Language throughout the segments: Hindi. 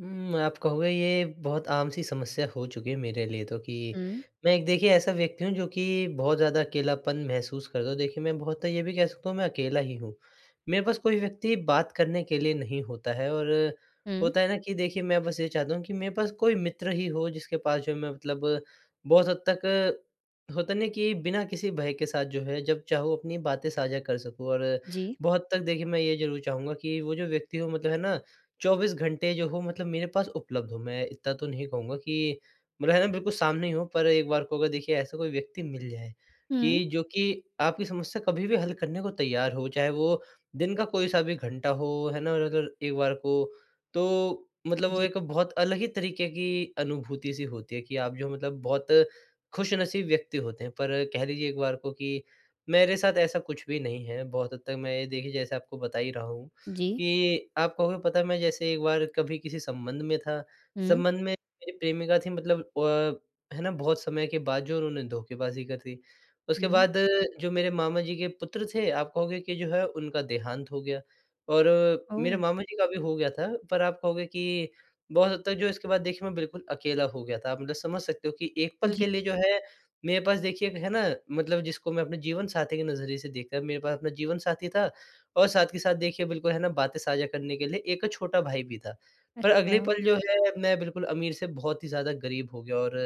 हुँ, आप कहोगे ये बहुत आम-सी समस्या हो चुकी है मेरे लिए तो कि हुँ। मैं एक देखिए ऐसा व्यक्ति हूँ जो कि बहुत ज़्यादा अकेलापन महसूस करता हूँ देखिए मैं बहुत तो ये भी कह सकता हूँ मैं अकेला ही हूँ। मेरे पास कोई व्यक्ति बात करने के लिए नहीं होता है और हुँ। होता है ना कि देखिए मैं बस ये चाहता हूँ कि मेरे पास कोई मित्र ही हो जिसके पास जो मैं मतलब बहुत हद तक होता है न कि बिना किसी भय के साथ जो है जब चाहूँ अपनी बातें साझा कर सकूँ और जी। बहुत हद तक देखिए, मैं ये ज़रूर चाहूँगा कि वो जो व्यक्ति वो मतलब है ना, 24 घंटे जो हो मतलब मेरे पास उपलब्ध हो। मैं इतना तो नहीं कहूँगा कि मग़र है ना बिल्कुल सामने ही हो पर एक बार को वो देखिए ऐसा कोई व्यक्ति मिल जाए, हुँ। कि जो कि आपकी समस्या कभी-भी हल करने को तैयार हो, चाहे वो दिन का कोई-सा भी घंटा हो, है ना? और अगर एक बार को, तो मतलब वो जी। एक बहुत अलग ही तरीके की अनुभूति सी होती है कि आप जो हैं मतलब बहुत ख़ुशनसीब व्यक्ति होते हैं। पर कह लीजिए एक बार को कि मेरे साथ ऐसा कुछ भी नहीं है, बहुत हद तक मैं ये देखिए जैसे आपको बता ही रहा हूँ जी। कि आप कहोगे पता है मैं जैसे एक बार कभी किसी संबंध में था, हुँ। संबंध में मेरी प्रेमिका थी मतलब अ, है ना बहुत समय के बाद जो उन्होंने धोखेबाज़ी कर दी, उसके हुँ। बाद जो मेरे मामा-जी के पुत्र थे आप कहोगे कि जो है उनका देहांत हो गया। और मेरे ओ! मामा जी का भी हो गया था, पर आप कहोगे कि बहुत हद तक जो है इसके बाद देखिए मैं बिल्कुल अकेला हो गया था आप मतलब समझ सकते हो कि एक पल जी। के लिए जो है मेरे पास देखिए, है ना, मतलब जिसको मैं अपने जीवनसाथी के नज़रिए से देख कर मेरे पास अपना जीवनसाथी था। और साथ के साथ देखिए बिल्कुल है ना बातें साझा करने के लिए एक छोटा भाई भी था। पर अगले अच्छा। पल जो है मैं बिल्कुल अमीर से बहुत ही ज़्यादा गरीब हो गया और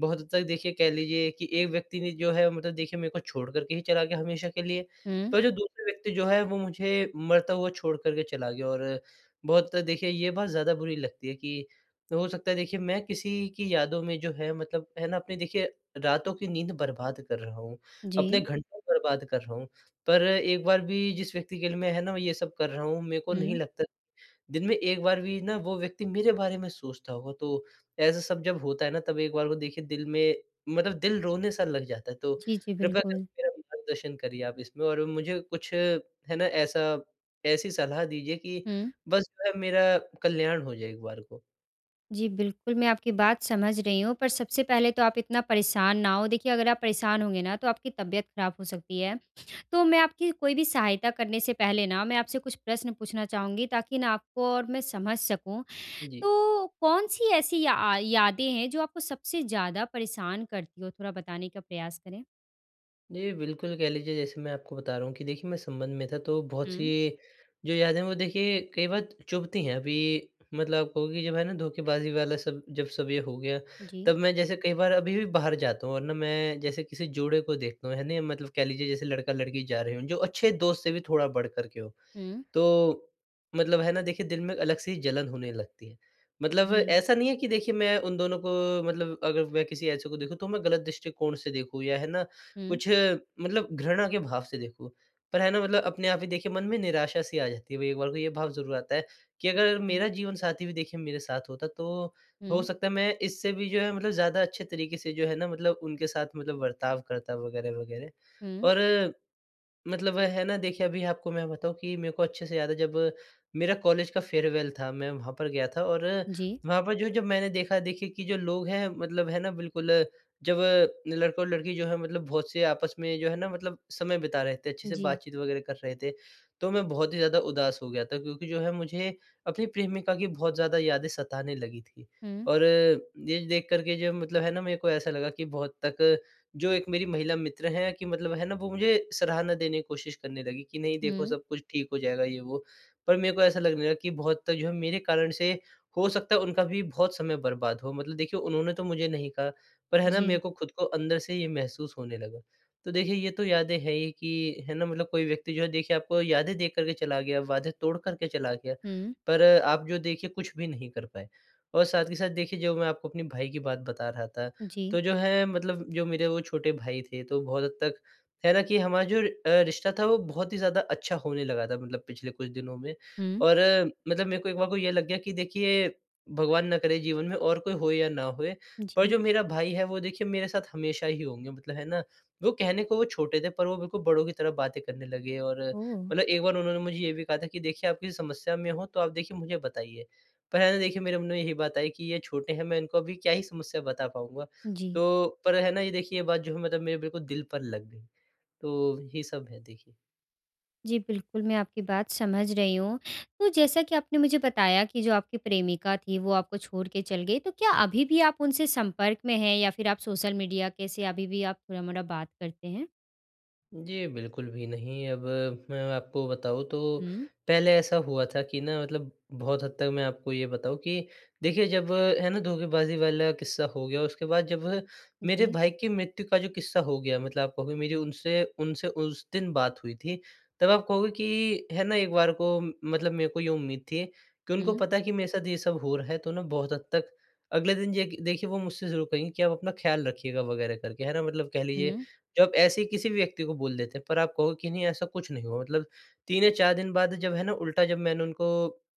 बहुत हद तक देखिए कह लीजिए कि एक व्यक्ति ने जो है मतलब देखिए मेरे को छोड़ कर के ही चला गया हमेशा के लिए। हुँ। पर जो दूसरे व्यक्ति जो है वो मुझे मरता हुआ छोड़ कर के चला गया और बहुत देखिए ये बात ज़्यादा बुरी लगती है कि हो सकता है देखिए मैं किसी की यादों में जो है मतलब है ना, अपने देखिए रातों की नींद बर्बाद कर रहा हूँ, अपने जी। घंटों बर्बाद कर रहा हूँ। पर एक बार भी जिस व्यक्ति के लिए मैं है ना ये सब कर रहा हूँ मेरे को नहीं हुँ। लगता दिन में एक बार भी ना वो व्यक्ति मेरे बारे में सोचता होगा तो ऐसा सब जब होता है ना तब एक बार को देखिए दिल में, मतलब दिल रोने-सा लग जाता है। तो जी, जी। कृपया बिल्कुल। करके मेरा मार्गदर्शन करिए आप इसमें और मुझे कुछ है ना, ऐसा ऐसी सलाह दीजिए कि हुँ। बस जो है मेरा कल्याण हो जाए एक बार को। जी। बिल्कुल, मैं आपकी बात समझ रही हूँ पर सबसे पहले तो आप इतना परेशान ना हो, देखिए अगर आप परेशान होंगे ना तो आपकी तबियत ख़राब हो सकती है। तो मैं आपकी कोई भी सहायता करने से पहले ना मैं आपसे कुछ प्रश्न पूछना चाहूँगी ताकि ना आपको और मैं समझ सकूँ। जी। तो कौन-सी ऐसी अ, या यादें हैं जो आपको सबसे ज़्यादा परेशान करती हो? थोड़ा बताने का प्रयास करें। जी। बिल्कुल, कह लीजिए जैसे मैं आपको बता रहा हूँ कि देखिए मैं संबंध में था तो बहुत हुँ। सी जो यादें वो देखिए कई बार चुभती हैं। अभी मतलब कहो कि जब है ना धोखेबाज़ी वाला सब जब सब ये हो गया जी। तब मैं जैसे कई बार अभी भी बाहर जाता हूँ और ना मैं जैसे किसी जोड़े को देखता हूँ, है ना मतलब कह लीजिए जैसे लड़का-लड़की जा रहे हों, जो अच्छे दोस्त से भी थोड़ा बढ़ कर के हों। हुँ। तो मतलब है ना देखिए दिल में अलग से ही जलन होने लगती है मतलब जी। ऐसा नहीं है कि देखिए मैं उन दोनों को मतलब अगर मैं किसी ऐसे को देखूँ तो मैं गलत दृष्टिकोण से देखूँ या है ना, हुँ। कुछ मतलब घृणा के भाव से देखूँ पर है ना मतलब अपने आप ही देखिए मन में निराशा सी आ जाती है भई एक बार को ये भाव ज़रूर आता है कि, अगर अच्छा। मेरा जीवनसाथी भी देखिए मेरे साथ होता, तो हो हुँ। सकता है मैं इससे भी जो है मतलब ज़्यादा अच्छे तरीके से जो है ना मतलब उनके साथ मतलब बर्ताव करता वग़ैरह-वग़ैरह। हुँ। और मतलब है ना देखिए अभी आपको मैं बताऊँ कि मेरे को अच्छे से याद है, जब मेरा कॉलेज का फ़ेयरवेल था मैं वहाँ पर गया था और जी। वहाँ पर जो जब मैंने देखा देखिए कि जो लोग हैं मतलब है ना बिल्कुल जब लड़का और लड़की जो है मतलब बहुत से आपस में जो है ना मतलब समय बिता रहे थे, अच्छे से जी। बातचीत वग़ैरह कर रहे थे। तो मैं बहुत ही ज़्यादा उदास हो गया था क्योंकि जो है मुझे अपनी प्रेमिका की बहुत ज़्यादा यादें सताने लगी थी, हुँ। और ये देख कर के जो मतलब है ना मेरे को ऐसा लगा कि बहुत तक जो 1 मेरी महिला मित्र हैं कि मतलब है ना वो मुझे सराहना देने की कोशिश करने लगी कि नहीं देखो हुँ। सब कुछ ठीक हो जाएगा ये वो, पर मेरे को ऐसा लगने लगा कि बहुत जो है मेरे कारण से हो सकता है उनका भी बहुत समय बर्बाद हो। मतलब देखिए उन्होंने ने तो मुझे नहीं कहा पर है ना मेरे जी। को खुद को अंदर से ये महसूस होने लगा। तो देखिए ये तो यादें हैं ही कि, है ना? मतलब कोई व्यक्ति जो है देखिए आपको यादें दे कर के चला गया, वादे तोड़ कर के चला गया, हुँ। पर आप जो देखिए कुछ भी नहीं कर पाए। और साथ ही साथ देखिए जो मैं आपको अपने भाई की बात बता रहा था, जी। तो जो है मतलब जो मेरे वो छोटे भाई थे तो बहुत हद तक है ना? कि हमारा जो अ, रिश्ता था वो बहुत ही ज़्यादा अच्छा होने लगा था मतलब पिछले कुछ दिनों में, हुँ। और मतलब मेरे को एक बार को ये लग गया कि देखिए भगवान ना करे जीवन में और कोई हो या ना होए पर जी। जो मेरा भाई है वो देखिए मेरे साथ हमेशा ही होंगे मतलब है ना, वो कहने को वो छोटे थे, पर वो बिल्कुल बड़ों की तरह बातें करने लगे और ओह! मतलब एक बार उन्होंने मुझे ये भी कहा था कि देखिए आप किसी समस्या में हो, तो आप देखिए मुझे बताइए। पर है ना देखिए मेरे मन में यही बात आई कि ये छोटे हैं मैं इनको अभी क्या ही समस्या बता पाऊँगा? जी। तो पर है ना, ये देखिए ये बात जो है मतलब मेरे बिल्कुल दिल पर लग गई, तो ये सब है देखिए। जी, बिल्कुल, मैं आपकी बात समझ रही हूँ। तो जैसा कि आपने मुझे बताया कि जो आपकी प्रेमिका थी वो आपको छोड़ के चल गई। तो क्या अभी भी आप उनसे संपर्क में हैं, या फिर आप सोशल मीडिया के से अभी भी आप थोड़ा-मोड़ा बात करते हैं? जी, बिल्कुल भी नहीं, अब मैं आपको बताऊँ तो हुँ। पहले ऐसा हुआ था कि ना मतलब बहुत हद तक मैं आपको ये बताऊँ कि, देखिए जब है ना धोखेबाज़ी वाला किस्सा हो गया। उसके बाद जब मेरे जी। भाई की मृत्यु का जो किस्सा हो गया मतलब आप कहोगे मेरी उनसे उनसे उस दिन बात हुई थी, तब आप कहोगे कि है ना एक बार को मतलब मेरे को ये उम्मीद थी, कि उनको हुँ। पता है कि मेरे साथ ये सब हो रहा है तो ना बहुत हद तक अगले दिन जेखिए देखिए वो मुझसे ज़रूर कहेंगे कि आप अपना ख़्याल रखिएगा वग़ैरह करके है ना मतलब कह लीजिए हुँ। जो आप ऐसे ही किसी भी व्यक्ति को बोल देते हैं। पर आप कहोगे कि नहीं ऐसा कुछ नहीं हुआ मतलब 3 या 4 दिन बाद जब है ना उल्टा जब मैंने उनको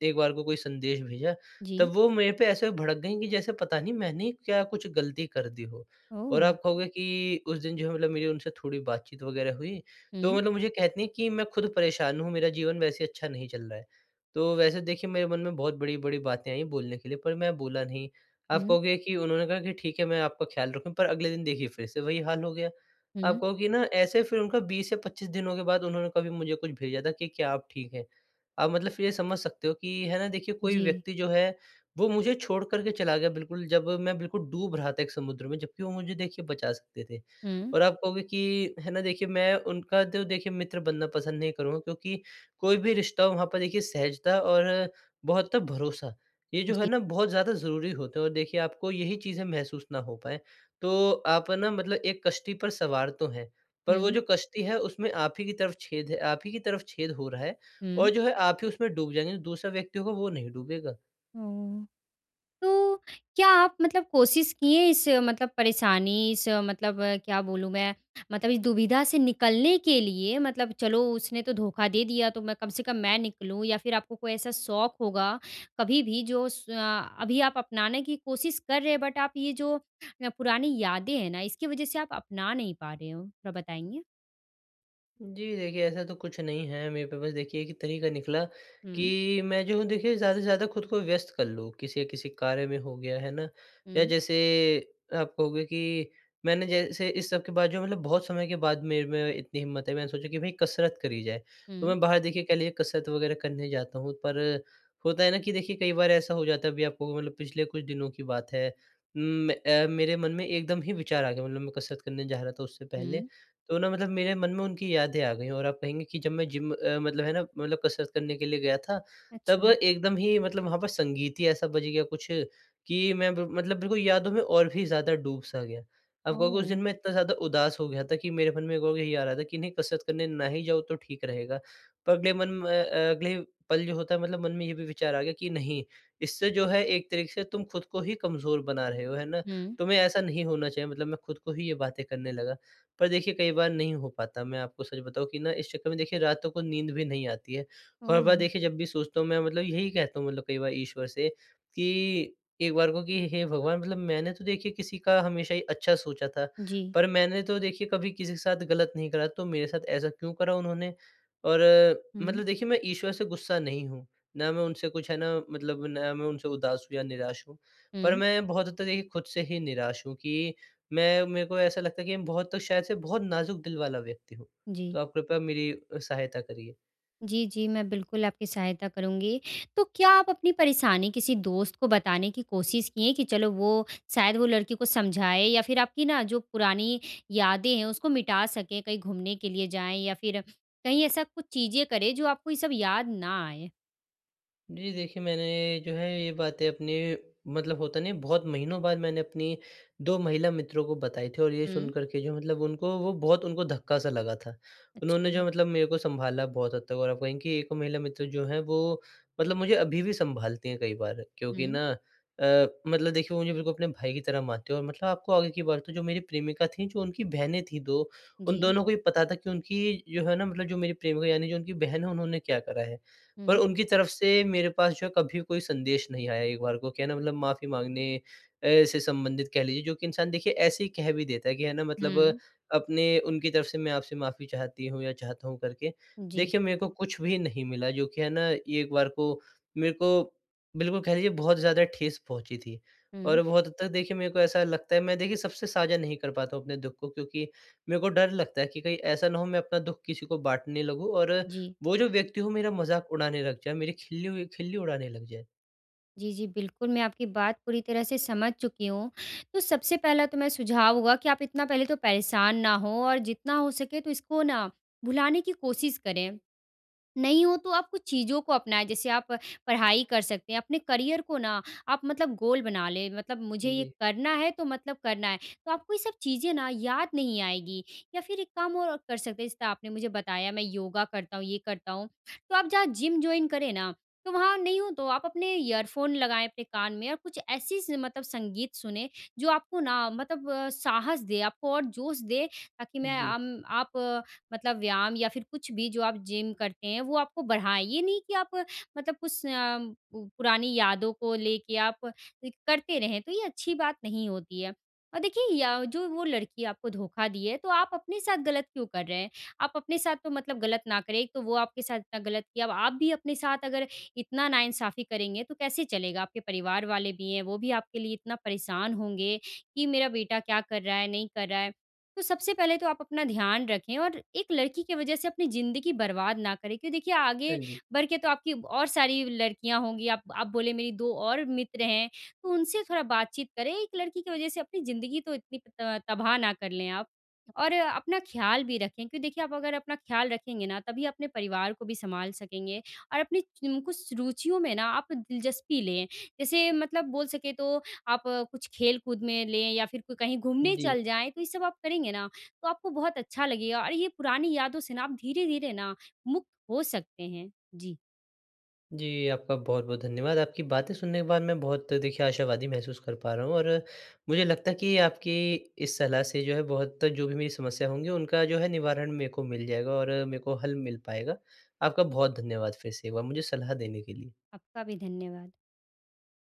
एक बार को कोई संदेश भेजा, तब जी। वो मेरे पे ऐसे भड़क गई कि जैसे पता नहीं मैंने क्या कुछ ग़लती कर दी हो। और ओह! आप कहोगे कि उस दिन जो है मतलब मेरी उनसे थोड़ी बातचीत वग़ैरह हुई, तो हुँ। मतलब मुझे कहती हैं कि मैं खुद परेशान हूँ, मेरा जीवन वैसे अच्छा नहीं चल रहा है। तो वैसे देखिए मेरे मन में बहुत बड़ी-बड़ी बातें आई बोलने के लिए पर मैं बोला नहीं, आप हुँ। कहोगे कि उन्होंने कहा कि ठीक है मैं आपका ख़्याल रखूँ पर अगले दिन देखिए फिर से वही हाल हो गया। आप हुँ। कहो कि ना ऐसे फिर उनका 20 या 25 दिनों के बाद उन्होंने कभी मुझे कुछ भेजा था कि क्या आप ठीक हैं? आप मतलब फिर ये समझ सकते हो कि है ना देखिए कोई जी। व्यक्ति जो है, वो मुझे छोड़ कर के चला गया बिल्कुल, जब मैं बिल्कुल डूब रहा था एक समुद्र में जबकि वो मुझे देखिए बचा सकते थे। हुँ। और आप कहोगे कि, है ना देखिए मैं उनका तो देखिए मित्र बनना पसंद नहीं करूँगा क्योंकि कोई भी रिश्ता हो वहाँ पर देखिए सहजता और बहुत भरोसा, ये जो है जी। ना बहुत ज़्यादा ज़रूरी होता है। और देखिए आपको यही चीज़ें महसूस ना हो पाएँ, तो आप है ना मतलब एक कश्ती पर सवार तो हैं पर वो हुँ। जो कश्ती है उसमें आप ही की तरफ छेद है आप ही की तरफ छेद हो रहा है हुँ। और जो है आप ही उसमें डूब जाएँगे दूसरा व्यक्ति होगा वो नहीं डूबेगा। हुँ। तो, क्या आप मतलब कोशिश किए इस मतलब परेशानी इस मतलब क्या बोलूँ मैं, मतलब इस दुविधा से निकलने के लिए मतलब चलो उसने तो धोखा दे दिया तो मैं कम से कम मैं निकलूँ या फिर आपको कोई ऐसा शौक़ होगा कभी भी जो स अ, अभी आप अपनाने की कोशिश कर रहे हैं बट आप ये जो पुरानी यादें हैं ना, इसकी वजह से आप अपना नहीं पा रहे हों? थोड़ा बताएँगे। जी देखिए ऐसा तो कुछ नहीं है मेरे पे बस देखिए एक तरीका निकला हुँ। कि, मैं जो हूँ देखिए ज़्यादा से ज़्यादा खुद को व्यस्त कर लूँ, किसी किसी कार्य में हो गया है ना? या हुँ। जैसे आप कहोगे कि मैंने जैसे इस सब के बाद जो मतलब बहुत समय के बाद मेरे में इतनी हिम्मत है मैंने सोचा कि भाई कसरत करी जाए, तो हुँ। मैं बाहर देखिए ख लीजिए कसरत वगैरह करने जाता हूँ पर होता है ना कि देखिए कई बार ऐसा हो जाता है अभी आप कहोगे मतलब पिछले कुछ दिनों की बात है उम म अ, मेरे मन में एकदम ही विचार आ गए, मतलब मैं कसरत करने जा रहा था उससे पहले, हुँ। तो ना मतलब मेरे मन में उनकी यादें आ गई और आप कहेंगीं कि जब मैं जिम अ, मतलब है ना, मतलब कसरत करने के लिए गया था, तब अच्छा। एकदम ही मतलब वहाँ पर संगीत ही ऐसा बज गया कुछ, कि मैं बिल मतलब बिल्कुल यादों में और भी ज़्यादा डूब-सा गया। आप कहोगे उस दिन ओह! मैं इतना ज़्यादा उदास हो गया था, कि मेरे मन में वो भी नहीं आ रहा था कि नहीं कसरत करने ना ही जाऊँ तो ठीक रहेगा। पर अगले मन म अ, अगले ही पल जो होता है मतलब मन में ये भी विचार आ गया कि नहीं, इससे जो है एक तरीके से तुम खुद को ही कमज़ोर बना रहे हो। है ना? हुँ। तुम्हें ऐसा नहीं होना चाहिए मतलब मैं खुद को ही ये बातें करने लगा पर देखिए कई बार नहीं हो पाता मैं आपको सच बताऊँ कि ना इस चक्कर में देखिए रातों को नींद भी नहीं आती है। और हर बार ओह! देखिए जब भी सोचता हूँ मैं मतलब यही कहता हूँ मतलब कई बार ईश्वर से कि, एक बार को कि हे भगवान मतलब मैंने तो देखिए किसी का हमेशा ही अच्छा सोचा था, जी। पर मैंने तो देखिए कभी किसी के साथ गलत नहीं करा, तो मेरे साथ ऐसा क्यों करा उन्होंने? और हुँ। मतलब देखिए मैं ईश्वर से गुस्सा नहीं हूँ, ना मैं उनसे कुछ है ना मतलब ना मैं उनसे उदास हूँ या निराश हूँ, पर हुँ। मैं बहुत हद तक देखिए खुद से ही निराश हूँ कि मैं मेरे को ऐसा लगता है कि हम बहुत तो शायद से बहुत नाज़ुक दिल वाला व्यक्ति हूँ। जी। तो आप कृपया मेरी अ, सहायता करिए। जी, जी, मैं बिल्कुल आपकी सहायता करूँगी। तो क्या आप अपनी परेशानी किसी दोस्त को बताने की कोशिश किए कि चलो वो शायद वो लड़की को समझाए या फिर आपकी ना जो पुरानी यादें हैं, उसको मिटा सकें कहीं घूमने के लिए जाएँ या फिर कहीं ऐसा कुछ चीज़ें करें, जो आपको ये सब याद ना आए? जी देखिए, मैंने जो है ये बातें अपनी मतलब होता नही है बहुत महीनों बाद मैंने अपनी 2 महिला मित्रों को बताई थी और ये हुँ। सुनकर के जो मतलब उनको वो बहुत उनको धक्का-सा लगा था। उन्होंने जो अच्छा। मतलब मेरे को सँभाला बहुत हद तक और आप कहें कि 1 महिला मित्र जो हैं वो मतलब मुझे अभी भी सँभालती हैं कई बार क्योंकि हुँ। ना अ, मतलब देखिए वो मुझे बिल्कुल अपने भाई की तरह मानती हैं। और मतलब आपको आगे की बात बताऊँ जो मेरी प्रेमिका थीं जो उनकी बहनें थीं 2 उन जी। दोनों को ही पता था कि, उनकी जो है ना मतलब जो मेरी प्रेमिका यानी जो उनकी बहन है, उन्होंने क्या करा है। पर हुँ। उनकी तरफ से मेरे पास जो है कभी कोई संदेश नहीं आया एक बार को कि है ना मतलब माफ़ी माँगने, ऐसे संबंधित कह लीजिए जो कि इंसान देखिए ऐसे ही कह भी देता है कि है ना मतलब हुँ। अपने उनकी तरफ से मैं आपसे माफ़ी चाहती हूँ या चाहता हूँ करके। जी। देखिए, मेरे को कुछ भी नहीं मिला जो कि है ना एक बार को, मेरे को बिल्कुल कह लीजिए बहुत ज़्यादा ठेस पहुँची थी और हुँ। बहुत हद तक देखिए मेरे को ऐसा लगता है मैं देखिए सबसे साझा नहीं कर पाता हूँ अपने दुःख को क्योंकि मेरे को डर लगता है कि कहीं ऐसा ना हो मैं अपना दुःख किसी को बाँटने लगूँ और जी। वो जो व्यक्ति वो मेरा मज़ाक उड़ाने लग जाए, मेरी खिल्ली उ खिल्ली उड़ाने लग जाए। जी, जी, बिल्कुल, मैं आपकी बात पूरी तरह से समझ चुकी हूँ। तो सबसे पहला तो मेरा सुझाव होगा कि आप इतना पहले तो परेशान ना हों और जितना हो सके तो इसको ना, भुलाने की कोशिश करें। नहीं हो तो आप कुछ चीज़ों को अपनाएँ जैसे आप पढ़ाई कर सकते हैं, अपने करियर को ना आप मतलब गोल बना लें मतलब मुझे ये जी। करना है तो मतलब करना है, तो आपको ये सब चीज़ें ना याद नहीं आएगी या फ़िर एक काम और आप कर सकते हैं, जैसे आपने मुझे बताया मैं योगा करता हूँ, ये करता हूँ, तो आप जहाँ जिम जॉइन करें ना, तो वहाँ नहीं हो तो आप अपने ईयरफोन लगाएँ अपने कान में और कुछ ऐसी स मतलब संगीत सुनें जो आपको ना मतलब साहस दे, आपको और जोश दे ताकि मैं जी। अम आप मतलब व्यायाम या फिर कुछ भी जो आप जिम करते हैं, वो आपको बढ़ाएँ। ये नहीं कि आप मतलब कुछ अ, पुरानी यादों को लेके आप करते रहें, तो ये अच्छी बात नहीं होती है और देखिए या जो वो लड़की आपको धोखा दी है, तो आप अपने साथ ग़लत क्यों कर रहे हैं? आप अपने साथ तो मतलब ग़लत ना करें, एक तो वो आपके साथ इतना ग़लत की, अब आप भी अपने साथ अगर इतना नाइन्साफ़ी करेंगे तो कैसे चलेगा? आपके परिवार वाले भी हैं, वो भी आपके लिए इतना परेशान होंगे, कि मेरा बेटा क्या कर रहा है? नहीं कर रहा है। तो सबसे पहले तो आप अपना ध्यान रखें और एक लड़की की वजह से अपनी ज़िंदगी बर्बाद ना करें, क्योंकि देखिए हाँ आगे जी। बढ़ के तो आपकी और सारी लड़कियाँ होंगी आप आप, बोले मेरी दो और मित्र हैं, तो उनसे थोड़ा बातचीत करें, एक लड़की की वजह से अपनी ज़िंदगी तो इतनी त तबाह ना कर लें आप। और अपना ख्याल भी रखें क्योंकि देखिए आप अगर अपना ख्याल रखेंगे ना तभी अपने परिवार को भी संभाल सकेंगे और अपनी च इन कुछ रुचियों में ना आप दिलचस्पी लें, जैसे मतलब बोल सके तो, आप कुछ खेलकूद में लें या फिर कोई कहीं घूमने जी। चल जाएँ। तो ये सब आप करेंगे ना तो आपको बहुत अच्छा लगेगा और ये पुरानी यादों से ना आप धीरे-धीरे ना, मुक्त हो सकते हैं। जी। जी, आपका बहुत-बहुत धन्यवाद। आपकी बातें सुनने के बाद मैं बहुत देखिए आशावादी महसूस कर पा रहा हूँ और मुझे लगता है कि आपकी इस सलाह से जो है बहुत, जो भी मेरी समस्या होंगी उनका जो है निवारण मेरे को मिल जाएगा और मेरे को हल मिल पाएगा। आपका बहुत धन्यवाद फिर से एक बार, मुझे सलाह देने के लिए। आपका भी धन्यवाद।